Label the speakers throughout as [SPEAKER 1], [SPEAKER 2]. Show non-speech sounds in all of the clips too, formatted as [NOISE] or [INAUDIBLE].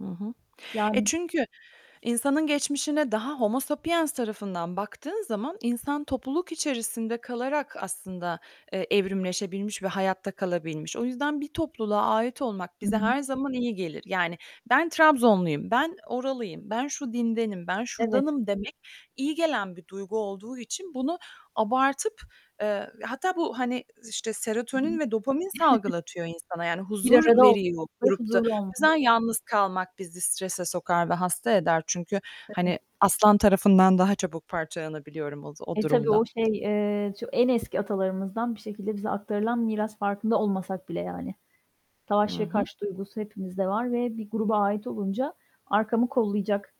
[SPEAKER 1] Hı hı. E,
[SPEAKER 2] Yani.
[SPEAKER 1] çünkü insanın geçmişine daha "homo sapiens" tarafından baktığın zaman, insan topluluk içerisinde kalarak aslında, eee, evrimleşebilmiş ve hayatta kalabilmiş. O yüzden bir topluluğa ait olmak
[SPEAKER 2] Hı
[SPEAKER 1] bize
[SPEAKER 2] hı.
[SPEAKER 1] her zaman iyi gelir. Yani, "Ben Trabzonlu'yum. Ben oralıyım. Ben şu dindenim. Ben
[SPEAKER 2] Evet.
[SPEAKER 1] şuradanım" demek, iyi gelen bir duygu olduğu için bunu abartıp, eee, hatta bu, hani, işte
[SPEAKER 2] Hı hı.
[SPEAKER 1] serotonin ve dopamin
[SPEAKER 2] [GIGGLES]
[SPEAKER 1] salgılatıyor insana. Yani,
[SPEAKER 2] Bir
[SPEAKER 1] huzur
[SPEAKER 2] arada
[SPEAKER 1] veriyor
[SPEAKER 2] olmalı,
[SPEAKER 1] grupta.
[SPEAKER 2] huzurlu olmalı.
[SPEAKER 1] Bazen yalnız kalmak bizi strese sokar ve hasta eder çünkü,
[SPEAKER 2] Evet.
[SPEAKER 1] hani, aslan tarafından daha çabuk parçalanabiliyorum oz o
[SPEAKER 2] E, tabii,
[SPEAKER 1] durumda.
[SPEAKER 2] o şey, eee, ço en eski atalarımızdan bir şekilde bize aktarılan miras, farkında olmasak bile, yani. Savaş
[SPEAKER 1] Hı
[SPEAKER 2] ve
[SPEAKER 1] hı.
[SPEAKER 2] kaç duygusu hepimizde var ve bir gruba ait olunca, "Arkamı kollayacak."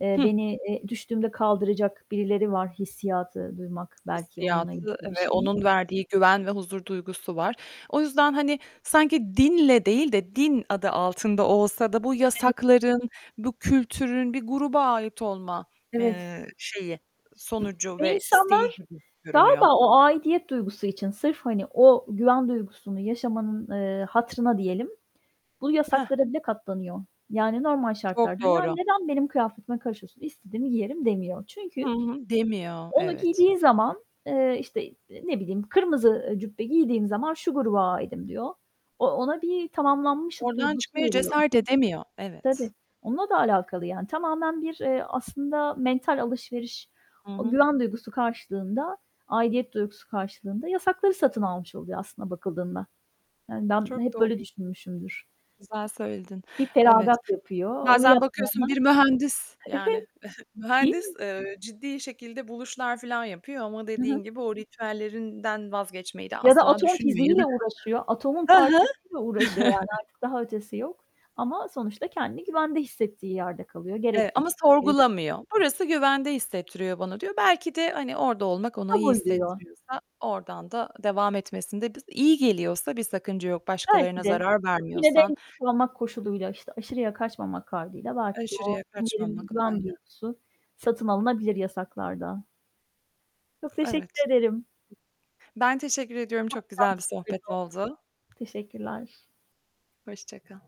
[SPEAKER 2] eee,
[SPEAKER 1] Hı.
[SPEAKER 2] "Beni eee, düştüğümde kaldıracak birileri var." hissiyatı duymak, belki onunla ilgili
[SPEAKER 1] Hissiyatı
[SPEAKER 2] bir
[SPEAKER 1] ve
[SPEAKER 2] şey.
[SPEAKER 1] onun verdiği güven ve huzur duygusu var. O yüzden, hani, sanki dinle değil de din adı altında olsa da bu
[SPEAKER 2] Evet.
[SPEAKER 1] yasakların, bu kültürün bir gruba ait olma,
[SPEAKER 2] Evet.
[SPEAKER 1] eee, şeyi, sonucu
[SPEAKER 2] Ve
[SPEAKER 1] ve isteği
[SPEAKER 2] insanlar
[SPEAKER 1] gibi görünüyor.
[SPEAKER 2] galiba o aidiyet duygusu için, sırf hani, o güven duygusunu yaşamanın, eee, hatırına diyelim, bu
[SPEAKER 1] Heh.
[SPEAKER 2] yasaklara bile katlanıyor. Yani, normal
[SPEAKER 1] Çok
[SPEAKER 2] şartlarda "Ya,
[SPEAKER 1] doğru.
[SPEAKER 2] neden benim kıyafetime karışıyorsun, istediğimi giyerim." demiyor.
[SPEAKER 1] Hı
[SPEAKER 2] Çünkü
[SPEAKER 1] hı. Demiyor.
[SPEAKER 2] onu
[SPEAKER 1] Evet.
[SPEAKER 2] giydiği zaman, eee, işte, eee, ne bileyim "Kırmızı" ııı "...cübbe giydiğim zaman şu gruba aitim." diyor. O ona bir "Tamamlanmışlık"
[SPEAKER 1] Oradan
[SPEAKER 2] duygusu
[SPEAKER 1] çıkmaya
[SPEAKER 2] veriyor.
[SPEAKER 1] cesaret edemiyor. Evet.
[SPEAKER 2] Tabii. Onunla da alakalı yani. Tamamen bir, eee, aslında mental alışveriş.
[SPEAKER 1] Hı
[SPEAKER 2] O
[SPEAKER 1] hı.
[SPEAKER 2] güven duygusu karşılığında, aidiyet duygusu karşılığında yasakları satın almış oluyor aslına bakıldığında. Yani, ben
[SPEAKER 1] Çok
[SPEAKER 2] hep böyle
[SPEAKER 1] doğru.
[SPEAKER 2] düşünmüşümdür.
[SPEAKER 1] Güzel söyledin.
[SPEAKER 2] Bir
[SPEAKER 1] Evet.
[SPEAKER 2] feragat yapıyor. Onu
[SPEAKER 1] Bazen bakıyorsun
[SPEAKER 2] yapmayanlar
[SPEAKER 1] bir mühendis,
[SPEAKER 2] Evet,
[SPEAKER 1] yani, [GIGGLES]
[SPEAKER 2] değil
[SPEAKER 1] mühendis,
[SPEAKER 2] mi?
[SPEAKER 1] eee, ciddi şekilde buluşlar filan yapıyor ama
[SPEAKER 2] Hı hı.
[SPEAKER 1] dediğin gibi o ritüellerinden vazgeçmeyi de
[SPEAKER 2] Ya da
[SPEAKER 1] asla
[SPEAKER 2] atom
[SPEAKER 1] düşünmüyor ya
[SPEAKER 2] fiziğiyle
[SPEAKER 1] da
[SPEAKER 2] uğraşıyor. Atomun
[SPEAKER 1] He hı.
[SPEAKER 2] parçalarıyla uğraşıyor. Yani,
[SPEAKER 1] [CHUCKLES]
[SPEAKER 2] artık daha ötesi yok ama sonuçta kendini güvende hissettiği yerde kalıyor. Gerek
[SPEAKER 1] Evet ama
[SPEAKER 2] [UNINTELLIGIBLE] gerek [UNINTELLIGIBLE]
[SPEAKER 1] sorgulamıyor. "Burası güvende hissettiriyor bana." diyor. Belki de, hani, orada olmak ona iyi
[SPEAKER 2] "Kabul." diyor.
[SPEAKER 1] hissettiriyorsa oradan da devam etmesinde bis iyi geliyorsa, bir sakınca yok,
[SPEAKER 2] Belki
[SPEAKER 1] başkalarına
[SPEAKER 2] de.
[SPEAKER 1] zarar
[SPEAKER 2] Yine de
[SPEAKER 1] vermiyorsan.
[SPEAKER 2] en [UNINTELLIGIBLE] koşuluyla, işte, aşırıya kaçmamak kaydıyla, belki de o
[SPEAKER 1] Aşırıya
[SPEAKER 2] derin bir
[SPEAKER 1] kaçmamak,
[SPEAKER 2] güven
[SPEAKER 1] aynen.
[SPEAKER 2] duygusu, satın alınabilir yasaklarda. Çok
[SPEAKER 1] Evet.
[SPEAKER 2] teşekkür ederim.
[SPEAKER 1] Ben teşekkür ediyorum, çok güzel bir sohbet oldu.
[SPEAKER 2] [UNINTELLIGIBLE] Teşekkürler.
[SPEAKER 1] Hoşça kal.